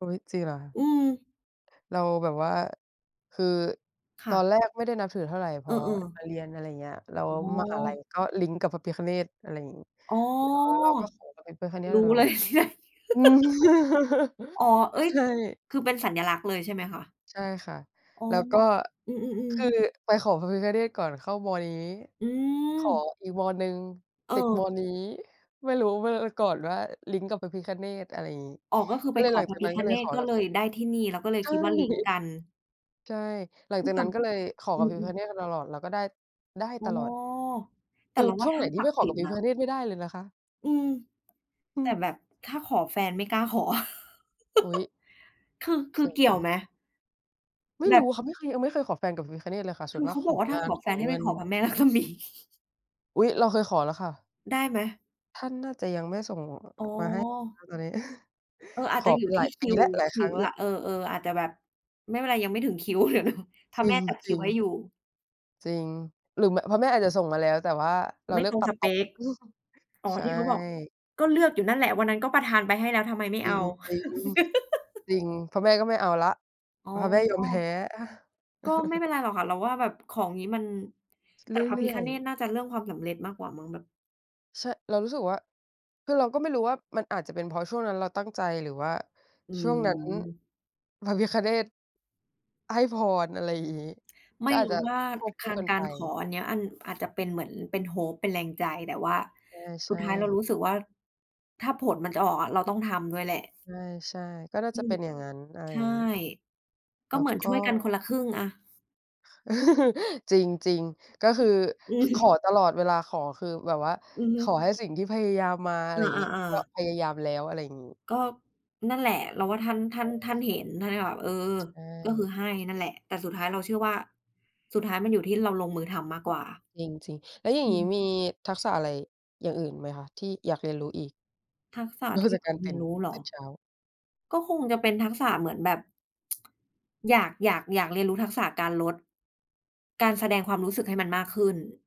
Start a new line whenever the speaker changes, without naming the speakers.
อุ๊ย จริงเหรอคะ?
อืม
เราแบบว่า คือ
ค
ต
่
อ
ะ
นแรกไม่ได้นับถือเท่าไร พ
เอ
อ
อ
ม
ๆ
าเรียน อะไรอย่างเงี้ย แล้ว
อ๋
มหาลัย
อ
ก็ลิงก์กับพระพิฆเนศ อะไรงี้
อ๋อ
แล้วเราก็ขอพระพิฆเนศ
รู้
ตล
เ
อ
ล
ด
ย
อืม
อ๋อ เอ๊ย!
ใช่
คือเป็นสัญลักษณ์เลยใช่ไหมคะ?
ใช่ค่ะ
อ๋อ
แล้วก็
อื
ค
ม
ื
ๆ
อ
ๆ
ไปขอพระพิฆเนศก่อนเข้า ม. นี้
อื
ขอ
ม
อีก ม. หนึ่ง
เ
ติด
ออ
ม. นี้ ไม่รู้ ไม่รู้อะก่อนว่าลิงก์กับพระพิฆเนศ อะไรอย่างงี้
อ๋อ ก็คือ
ก็
ไป
เล
ข
ยหล
อ
ัง
พ
จ
ร
า
ะ
ก
พ
น
ิ
ั้น
ฆ
ก็เล
เน
ยข
ศ
อ
ก็
กับ
เลยได้ที่นี่ แล้วก็เลย
ใช่
คิดว่าลิงก์กัน
ใช่ หลั
อ
ง
ื
จา
ม
ก
ท
นั้นก็เลยขอ
ำ อื
กับพระพิฆ
ม ๆ
เนศมาตลอด แล้วก็ได้ ได้
อ๋อ
ตลอด
แต่
คื
เร
อ
าว่
ช
า
่วง
ท
ไ
่
หน
าน
ท
ศ
ี่
ั
ไม
กด
่
ิ์
ขอ
สิ
กั
ทธ
บ
ิ
พร
์
ะ
น
พิ
ะ
ฆเนศไม่ได้เลยนะคะ
อืม
อื
แต่
ม
แบบถ้าขอแฟนไม่กล้าขอ
อุ๊ย!
คือ ค
จ
ื
ร
อ
ิ
เกี่ยว
ง
ไหม?
ไม่
แ
รู้
บบ
ค่ะ ไม่เคย ยังไม่เคยขอแฟนกับพิฆเนศเลยค่ะ ส
ค
่ว
ื
น
อ
ม
เ
า
ข
ก
า
ข
บ
อ
อกว่า ถ
ง
้า
า
ข
น
อ
ข
แฟ
อ
นให้
เง
ไป
ิน
ขอพระแม่ ลักษมี
อุ๊ย! เราเคยขอแล้วค่ะ
ได้ไหม?
ท่านน่าจะยังไม่ส่ง
อ๋
มาให้น
อ
ะตอนนี้
เออ อา
ข
จจะ
อ
อ
ไ
ย
ป
ู่
ห
ท
ล
ี
า
่
ย
ค
ป
ิ
ี
ว
แล้ว หลาย
ค
ค
ิ
รั้
ว
งแล้
ล
ว
ะ เออ ๆ อาจจะแบบไม่เป็นไร ยังไม่ถึงคิว เดี๋ยวรอ พร
จ
ะ
ริ
แม่
ง
จัด
จ
ค
ร
ิ
ิ
ว
ง
ให้อยู่
จริง หรือ ม พระแม่อาจจะส่งมาแล้ว แต่ว่าเรา
ไม่
เลือ
ต
ก
รง
ตั
ส
ดต
เป
ก
ก อ๋อ
ใช
ที่เขาบอก
่
ก็เลือกอยู่นั่นแหละ วันนั้นก็ประทานไปให้แล้วทำไมไม่
จร
เอ
ิ
า
ง จริง จริง พระแม่ก็ไม่เอาแล้ว
อ๋
พระแม่ยอมแพ
อ
้
ก็ไม่เป็นไรหรอกค่ะ เราว่าแบบของงี้มัน
เ
แต่พระ
ร
พิ
ื่อ
ฆ
ย
เน
ๆ
ศน่าจะเรื่องความสำเร็จมากกว่ามั้ง แบบ
ใช่ เรารู้สึกว่า คือเราก็ไม่รู้ว่ามันอาจจะเป็นเพราะช่วงนั้นเราตั้งใจ หรือว่า
อื
ช่วงนั้น
ม
พระพิฆเนศให้พร อะไรอย่างงี้
ไ
ก
ม
็
่
อาจ
รู
จะ
้ว่า
ควบ
ค
คู่
าน
กัน
กา
ไป
รขออันเนี้ย อัน อาจจะเป็นเหมือนเป็น hope เป็นแรงใจ แต่ว่า
ใช
สุด
่
ท้ายเรา
ๆ
รู้สึกว่า ถ้าผลมันจะออกอะ เราต้องทำด้วยแหละ
ใช่ ๆ ก็น่า
อื
จะเป
ม
็นอย่างงั้น อะไร
ใช
อย่
่
างงี้
ก
แ
็
ล้
เ
ว
หมือน
ก
ช
็
่วยกันคนละครึ่งอะ
จริง จริง ก็ค
อ
ื
ื
อ
อ อื
ขอ
อ
ตลอดเวลา ขอคือแบบว่า
อือฮึ
ขอให้สิ่งที่พยายามมา อะ
เอ
ไรอย่างงี้
อ
ก็
ๆ ๆ
พยายามแล้ว อะไรอย่างงี้
ก็ นั่นแหละ เราว่าท่าน ท่
ใช
า
่
น ท่านเห็น ท่านก็แบบ เออ
ๆ ใช
ก็คื
่
อให้นั่นแหละ แต่สุดท้ายเราเชื่อว่า สุดท้ายมันอยู่ที่เราลงมือทำมากกว่า
จริง ๆ แล้วอย่า
อื
งงี้
ม
มีทักษะอะไรอย่างอื่นไหมคะ ที่อยากเรียนรู้อีก?
ทักษะ
นอ
ท
ก
ี่
จา
อ
ก
ย
ก
าก
าร
เร
ต
ี
ื
ย
่
น
น
รู้เหร
ต
อ?
อนเช้า
ก็คงจะเป็นทักษะเหมือนแบบ อยาก อยาก อยากเรียนรู้ทักษะการลด การแสดงความรู้สึกให้มันมากขึ้น